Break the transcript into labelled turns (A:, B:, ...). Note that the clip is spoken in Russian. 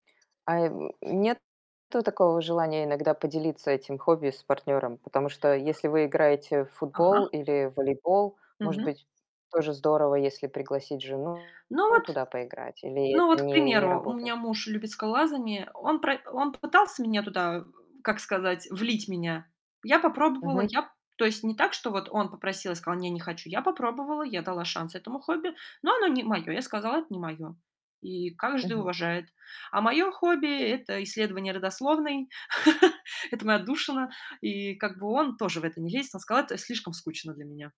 A: Ай м, нет такого желания иногда поделиться этим хобби с партнёром? Потому что если вы играете в футбол
B: Ага.
A: или волейбол, может
B: Мгм.
A: быть, тоже здорово, если пригласить жену,
B: Ну
A: ну,
B: вот
A: туда поиграть. Или
B: ну
A: это
B: вот, к
A: не не
B: примеру, у
A: работает?
B: меня муж любит скалолазание. Он пра он попытался меня туда, как сказать, влить меня. Я попробовала.
A: Мгм.
B: Я то есть не так, что вот он попросил, я сказала: "Не, не хочу". Я попробовала, я дала шанс этому хобби, но оно не мое. Я сказала: "Это не мое". И каждый
A: Мгм.
B: уважает. А мое хобби- это исследование родословной. Это моя отдушина. И как бы он тоже в это не лезет. Он сказал: "Это слишком скучно для меня".